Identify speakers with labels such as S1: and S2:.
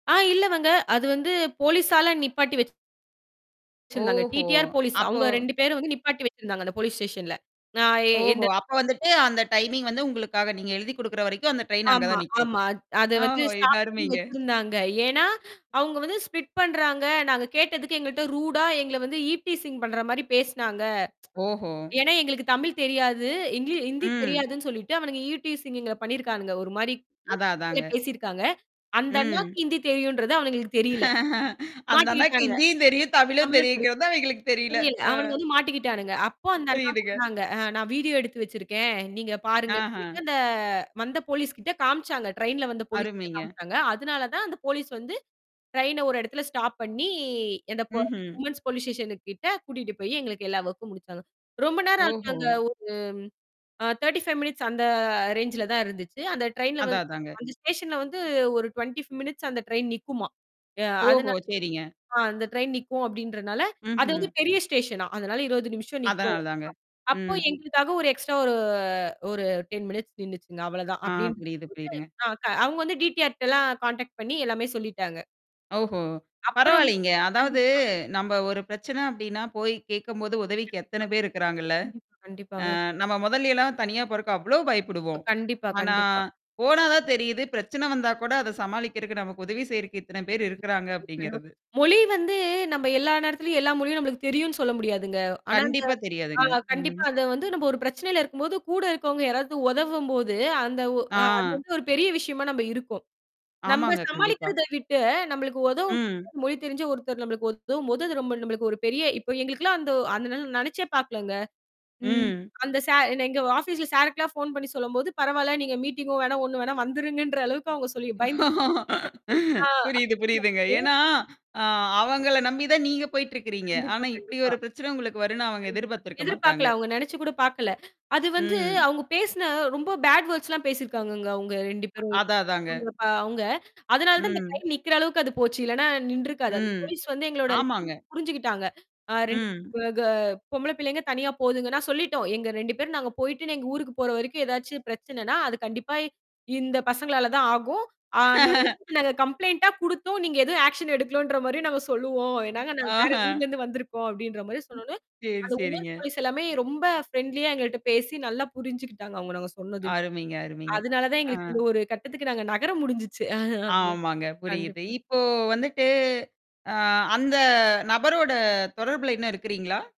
S1: ஆ இல்லவங்க, அது வந்து போலீஸால நிப்பாட்டி வச்சுத்தாங்க
S2: ஓஹோ!
S1: டிடிஆர், போலீஸ்
S2: அப்போ
S1: அவங்க 2 பேரும் வந்து நிப்பாட்டி வச்சிருந்தாங்க அந்த போலீஸ் ஸ்டேஷன்ல. நா யே என்ட
S2: ஓஹோ! அப்போ வந்துட்டு அந்த டைமிங் வந்து உங்களுக்காக நீங்க எழுதிக் கொடுக்கிற வரைக்கும் அந்த ட்ரெயின் அங்க
S1: ஆமா,
S2: தான் நிக்கும்.
S1: ஆமா. அத் அத வந்து
S2: ஓஹோ! இது
S1: ஸ்டாப் பண்ணி
S2: அருமைங்க.
S1: வச்சிருந்தாங்க. ஏன்னா, அவங்க வந்து ஸ்ப்ளிட் பண்ணுறாங்க நாங்க கேட்டதுக்கு எங்கள்ட்ட ரூடா எங்கள வந்து ஈவ்டீசிங் பண்ணுற மாதிரி பேசுனாங்க.
S2: ஓஹோ!
S1: ஏன்னா, எங்களுக்கு தமிழ் தெரியாது. ஹிந் ஹிந்தி
S2: ம்.
S1: தெரியாதுன்னு சொல்லிட்டு அவனுங்க ஈவ்டீசிங் எங்கள பண்ணியிருக்கானுங்க. ஒரு மாதிரி
S2: அதான், அதான்ங்க.
S1: பேசியிருக்காங்க. அந்த அண்ணாவுக்கு
S2: ம்.
S1: ஹிந்தி தெரியுன்றது அவனுங்களுக்கு தெரியல.
S2: அந்த அண்ணாக்கு
S1: மாட்டிட்டாங்க.
S2: ஹிந்தியும் தெரியும், தமிழும்
S1: தமிழும் தெரியும்.
S2: தெரியும்ங்கிறது அவைங்களுக்கு தெரியல.
S1: புரியல
S2: அ.
S1: அவனுங்க வந்து மாட்டிக்கிட்டானுங்க அப்போ அந்த அண்ணா
S2: புரியுதுங்க.
S1: சொன்னாங்க நான் வீடியோ எடுத்து வச்சிருக்கேன். நீங்க பாருங்கன்னு சொல்லிட்டு
S2: ஆஹ.
S1: அந்த வந்த போலீஸ்கிட்ட காமிச்சாங்க. ட்ரெயின்ல வந்த போலீஸ்கிட்ட
S2: அருமைங்க.
S1: காமிச்சாங்க. அதனால தான் அந்த போலீஸ் வந்து ட்ரெயின்ன ஒரு இடத்துல ஸ்டாப் பண்ணி அந்த
S2: ம்ஹ்ம்.
S1: விமென்ஸ் போலீஸ் ஸ்டேஷனு கிட்ட கூட்டிகிட்டு போய் எங்களுக்கு எல்லா ஒர்க்கும் முடிச்சாங்க. ரொம்ப நேரம் ஆச்சு.
S2: ஓஹோ!
S1: அங்க ஒரு 35 மினிட்ஸ் அந்த ரேஞ்சில்ல தான் இருந்துச்சு. அந்த ட்ரெயின்ல
S2: அதான்,
S1: வந்து
S2: அதாங்க.
S1: அந்த ஸ்டேஷன்ல வந்து ஒரு 25 மினிட்ஸ் அந்த ட்ரெயின் நிக்குமாம்.
S2: ஓஹோ!
S1: அதனால
S2: சரிங்க.
S1: ஆ அந்த ட்ரெயின் நிக்கும் அப்படின்றதனால அது வந்து
S2: ம்ஹ்ம்.
S1: பெரிய ஸ்டேஷன்னாம். அதனால 20 நிமிஷம்
S2: அதான்,
S1: நிக்கும்.
S2: அதான்ங்க.
S1: அப்போ
S2: ம்.
S1: எங்களுக்காக ஒரு எக்ஸ்ட்ரா ஓ ஒரு 10 மினிட்ஸ் நின்னுச்சிங்க அவ்வளவு தான்
S2: ஆ
S1: அப்படின்னு
S2: புரியுது, புரியுதுங்க.
S1: சொல்லிட்டு அவங்க வந்து டிடிஆர் கிட்ட எல்லாம் கான்டாக்ட் பண்ணி எல்லாமே சொல்லிட்டாங்க.
S2: ஓஹோ!
S1: அப்புறம்
S2: பரவாயில்லங்க. அதாவது
S1: கண்டிப்பா.
S2: நம்ப ஒரு பிரச்சனை அப்படின்னா, போய் கேட்கும்போது உதவிக்கு எத்தனை பேர் இருக்கிறாங்கல்ல.
S1: கண்டிப்பா,
S2: ஆ
S1: கண்டிப்பாங்க.
S2: நம்ம மொதல எல்லாம் தனியா போறக்கு அவ்ளோ
S1: இப்
S2: பயப்படுவோம்.
S1: கண்டிப்பா,
S2: ஆனா,
S1: கண்டிப்பா.
S2: போனா தான் தெரியுது. பிரச்சனை வந்தா கூட அத சமாளிக்குறக்கு நமக்கு உதவி செய்யறக்கு இத்தனை பேர் இருக்கிறாங்க
S1: [unintelligible]
S2: அப்படின்கிறது.
S1: மொழி வந்து நம்ம எல்லா நேரத்திலேயும் எல்லா மொழியும் நம்பளுக்கு தெரியும்ன்னு சொல்ல முடியாதுங்க. ஆனா, அந்த
S2: கண்டிப்பா தெரியாதுங்க.
S1: ஆ
S2: ம்.
S1: கண்டிப்பா, அத வந்து நாம் ஒரு பிரச்சனையில இருக்கும்போது கூட இருக்கிறவங்க யாராவது உதவும்போது அந்த அது
S2: ஆ.
S1: வந்து ஒரு பெரிய விஷயமா நம்ப இருக்கோம். நம்ப
S2: ஆமாங்க. கண்டிப்பா.
S1: சமாளிக்கிறத விட்டு நம்மளுக்கு உதவும்
S2: ம்.
S1: மொழி தெரிந்த ஒருத்தர் நம்மளுக்கு உதவும்போது அது ரொம்ப நமளுக்கு ஒரு பெரிய இப்ப எங்களுக்கெல்லாம் அந்த அந்த நினைச்சே பாக்கல்லங்க. ம்
S2: ம்.
S1: அந்த சார் எங்க ஆபீஸ்ல சார்க்கு எல்லாம் போன் பண்ணி சொல்லும்போது "பரவால்ல நீங்க மீட்டிங்கும் வேணாம். ஒண்ணும் வேணாம் வந்துடுங்கன்ற" அளவுக்கு அவங்க சொல்லி பயந்துட்டாங்க. ஆ.
S2: புரியுது, புரியுதுங்க.
S1: [unintelligible]
S2: ஏன்னா, அ அவங்கள நம்பி தான் நீங்க போயிட்டு இருக்கிறீங்க.
S1: கண்டிப்பா,
S2: ஆனா, இப்படி
S1: கண்டிப்பா.
S2: ஒரு பிரச்சனை உங்களுக்கு வரும்ன்னு அவங்க
S1: கண்டிப்பா,
S2: எதிர்பார்த்திருக்க
S1: எதிர்பார்க்கல.
S2: மாட்டாங்க.
S1: அவங்க நெனைச்சி கூட பாக்கல. அது வந்து
S2: ம்.
S1: அவங்க பேசின ரொம்ப பேட் வேர்ட்ஸ் எல்லாம் பேசியிருக்கிறாங்கங்க அவங்க 2 பேரும்
S2: அதான் அதாங்க.
S1: அவங்க. அதனால தான் அந்த
S2: ம்.
S1: ட்ரெயின் நிக்கிற அளவுக்கு அது போச்சு. இல்லன்னா, நின்றுருக்காது. அந்த
S2: ம்.
S1: போலீஸ் வந்து எங்களோட [unintelligible]
S2: ஆமாங்க.
S1: புரிஞ்சுக்கிட்டாங்க. ஆ 2
S2: ம்.
S1: கே பொம்பள பிள்ளைகள் தனியா போதுங்கன்னு. நாங்க சொல்லிட்டோம். எங்க 2 பேரும் நாங்க போய்ட்டு எங்க ஊருக்கு போற வரைக்கும் ஏதாவது பிரச்சனைன்னா, அது கண்டிப்பா இந்த பசங்களால தான் ஆகும். ஆ நாங்க வந்துட்டு நாங்க கம்ப்ளெயிண்ட்டா குடுத்தோம். நீங்க எதுவும் ஆக்ஷன் எடுக்கலன்ற மாதிரியும் நாங்க சொல்லுவோம். ஏன்னா, நாங்க வேற
S2: ஆஹ.
S1: ஊர்ல இருந்து வந்துருக்கோம் அப்படின்ற மாதிரி சொன்ன உடனே
S2: சரி,
S1: அந்த விமென்
S2: சரிங்க.
S1: போலீஸ் எல்லாமே ரொம்ப பிரெண்ட்லியா எங்கள்ட்ட பேசி நல்லா புரிஞ்சி கிட்டாங்க அவங்க நாங்க சொன்னதையும்.
S2: அருமைங்க, அருமைங்க.
S1: அதனால தான்
S2: அ.
S1: எங்களுக்கு இந்த ஒரு கட்டத்துக்கு நாங்க நகர முடிஞ்சிச்சு. அ ஹ
S2: ஆமாங்க, புரியுது.
S1: கண்டிப்பா.
S2: இப்போ வந்துட்டு, அ அந்த நபரோட தொடர்பில இன்னும் இருக்கிறீங்களா?